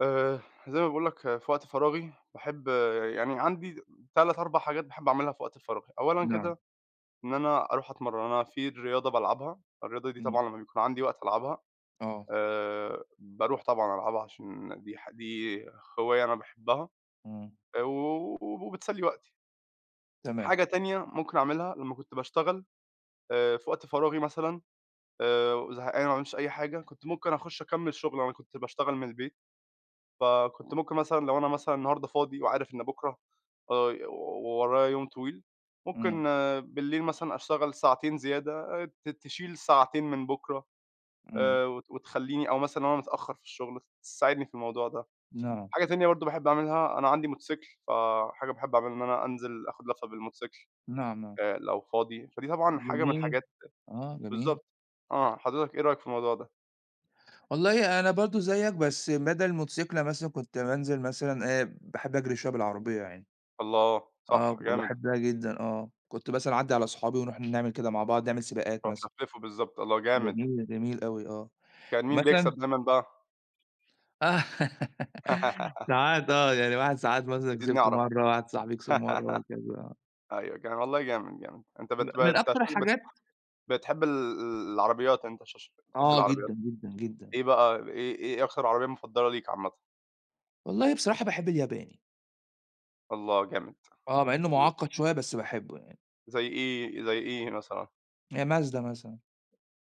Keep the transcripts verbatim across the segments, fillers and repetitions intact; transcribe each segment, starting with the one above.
آآ زي ما باقول لك في وقت فراغي باحب يعني عندي تَلَت أربع حاجات باحب أعملها في وقت فراغي. أولًا نعم. كده إن أنا أروح أتمرن، أنا في رياضة بالعبها. الرياضة دي امم. طبعًا لما بيكون عندي وقت ألعبها آه. آآ باروح طبعًا ألعبها عشان دي ح دي هواية أنا باحبها، امم. آآ و وبتسلي وقتي. تمام. حاجة تانية ممكن أعملها لما كنت باشتغل آآ في وقت فراغي مثلًا، آآ زهقان وما عملتش أي حاجة، كنت ممكن أخش أكمل شغل، أنا كنت باشتغل من البيت، فكنت ممكن مثلًا لو أنا مثلًا النهاردة فاضي وعارف إن بكرا آآ ورايا يوم طويل، ممكن امم. بالليل مثلًا أشتغل ساعتين زيادة آآ ت تشيل ساعتين من بكرا امم. آآ وتخليني أو مثلًا لو أنا متأخر في الشغل، تساعدني في الموضوع ده. نعم. حاجة تانية برضو باحب أعملها، أنا عندي موتوسيكل، ف حاجة باحب أعملها إن أنا أنزل آخد لفة بالموتوسيكل، نعم، نعم. آآ لو فاضي. فدي طبعًا حاجة من جميل، الحاجات آه جميل. بالضبط، آه حضرتك إيه رأيك في الموضوع ده؟ والله أنا برضو زيك، بس بدل الموتوسيكل مثلًا كنت بانزل مثلًا، آآ باحب أجري شوية بالعربية يعني. الله! صح، آه، جامد. وباحبها جدًا آه. كنت مثلًا أعدّي على صحابي ونروح نعمل كده مع بعض، نعمل سباقات آه مثلًا. تلففه بالضبط. الله! جامد. جميل، جميل أوي آه. كان مين ومثلًا بيكسب دايمًا بقى؟ ساعات آه، يعني واحد ساعات مثلًا عايزين كسبت نعرف مرّة، آه واحد صاحبي كسب مرّة وهكذا آه. أيوة جامد. والله جامد جامد. أنت م بت ب من أنت أكتر عشان بت الحاجات بتحب ال العربيات أنت عشان عشان بتحب آه العربيات. جدًا جدًا جدًا. إيه بقى إيه إيه إيه أخر عربية مفضلة ليك عامةً؟ والله بصراحة باحب الياباني. الله جامد آه، مع إنه امم. معقد شوية بس باحبه يعني. زي إيه، زي إيه مثلًا؟ آآ Mazda مثلًا.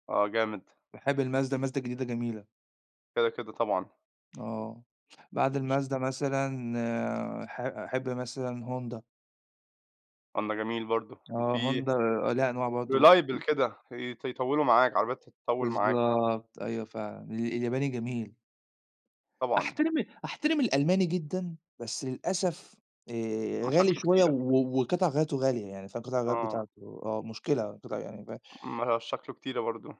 آه جامد. باحب الMazda، الMazda الجديدة جميلة. كده كده طبعًا. آه. بعد اش الMazda مثلًا، ح أحب مثلًا Honda. آه ده جميل برضو. آه وفي Honda آآ ليها أنواع برضو و reliable كده، يط يطولوا معاك عربيات تطول معاك. بالضبط أيوه فعلًا. ال الياباني جميل. طبعًا. أحترم ال أحترم الألماني جدًا، بس للأسف آآ غالي مشاكله شوية كتيرة. و وقطع غياراته غالية يعني، فاهم قطع الغيار آه. بتاعته آه مشكلة قطع يعني فا مشاكله كتيرة برضو.